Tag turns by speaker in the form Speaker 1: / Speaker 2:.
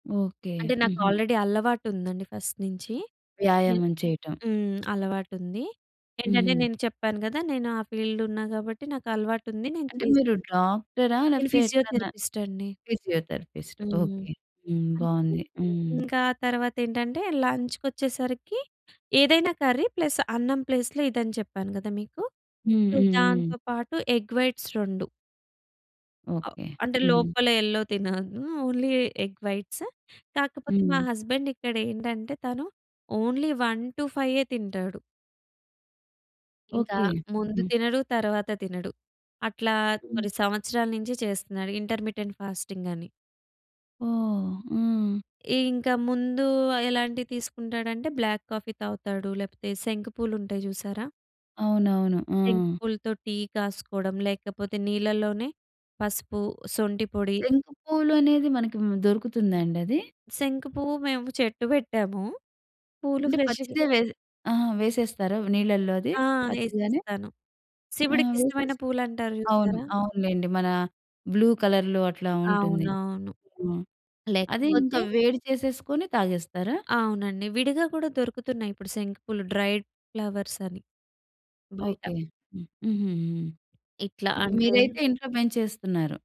Speaker 1: Okay.
Speaker 2: అంటే, నాకు
Speaker 1: హుహు.
Speaker 2: ఆల్రెడీ అలవాటుందండి ఫస్ట్ నించీ.ఎ
Speaker 1: వ్యాయామం చేయటం.
Speaker 2: హ్మ్. అలవాటుంది. ఏంటంటే
Speaker 1: హుహు.
Speaker 2: నేను చెప్పాను కదా! నేను ఆ ఫీల్డ్ ఉన్నా గాబట్టి, నాకలవాటుంది. నేను
Speaker 1: అంటే,
Speaker 2: చే‌‌స్
Speaker 1: మీరు డాక్ట‌రా?
Speaker 2: నేను
Speaker 1: లేకపోతే ఎట్లన్నా
Speaker 2: ఫిజియోథెరపిస్ట్ అండి.
Speaker 1: ఫిజియోథెరపిస్ట్.
Speaker 2: హ్మ్.
Speaker 1: ఓకే. హ్మ్.
Speaker 2: అయితే
Speaker 1: బావుంది. హ్మ్.
Speaker 2: ఇంక ఆ తరవాతేంటంటే, లంచ్‌కొచ్చేసరికి ఏదైనా కర్రీ ప్లస్ అన్నం ప్లేస్‌లొ ఇదని చెప్పాను కదా మీకు.
Speaker 1: హ్మ్.
Speaker 2: ప్లస్
Speaker 1: హ్మ్. హ్మ్.
Speaker 2: దాంతో పాటు ఎగ్ వైట్స్ 2.
Speaker 1: ఓకే.
Speaker 2: అంటే
Speaker 1: హుహు.
Speaker 2: లోపల యెల్లో తినను. Only egg whites. కాకపోతే మా
Speaker 1: హ్మ్.
Speaker 2: హస్బెండిక్కడేంటంటే, తను ఓన్లీ 1-5 తింటాడు. ఇంకా
Speaker 1: ఓకే.
Speaker 2: ముందు
Speaker 1: హ్మ్.
Speaker 2: తినడు. తర్వాత తినడు. అట్లా
Speaker 1: హ్మ్.
Speaker 2: కొన్ని సంవత్సరాల నించి చేస్తున్నాడు, ఇంటర్మిటెంట్ ఫాస్టింగ్ అని.
Speaker 1: ఓహ్! హ్మ్.
Speaker 2: ఇ ఇంకా ముందు ఆహ్, ఎలాంటివి తీసుకుంటాడంటే బ్లాక్ కాఫీ తాగుతాడు. లేపోతే శంకు పూలుంటాయి చూసారా?
Speaker 1: అవునవును. ఆ!
Speaker 2: శంకు పూలతో టీ కాసుకోడం, లేకపోతే నీళ్లలోనే పసుపు, సొంఠి పొడి
Speaker 1: శంకు పువ్వులు అనేది మనకి మ్ దొరుకుతుందాండది?
Speaker 2: శంకు పువ్వు మేము చెట్టు పెట్టాము. పూలు
Speaker 1: అంటే,
Speaker 2: ఫ్రెష్‌గా
Speaker 1: పచ్చిదే వేసి ఆహా! వేసేస్తారా వ్ నీళ్ళల్లో అది,
Speaker 2: ఆ!
Speaker 1: పచ్చిగానే?
Speaker 2: ఏసేస్తాను.
Speaker 1: ఆ!
Speaker 2: శివుడికిష్టమైన
Speaker 1: వేసేసి?
Speaker 2: పూలంటారు
Speaker 1: అవును.
Speaker 2: చూసారా?
Speaker 1: అవునులెండి మన బ్లూ కలర్‌లో అట్లా ఉంటుంది.
Speaker 2: అవునవును.
Speaker 1: హ్మ్. అది ఇంక
Speaker 2: లేకపోతే
Speaker 1: వేడి చేసేసుకొని తాగేస్తారా?
Speaker 2: అవునండి. విడిగా కూడా దొరుకుతున్నాయి ఇప్పుడు శంకుపూలు డ్రైడ్ ఫ్లవర్స్ అని, బయట.
Speaker 1: ఓకే. హ్మ్. హుహు‌హు.
Speaker 2: ఇట్లా
Speaker 1: ఓకే.
Speaker 2: అంటే
Speaker 1: మీరైతే ఇంట్లో పెంచేస్తున్నారు.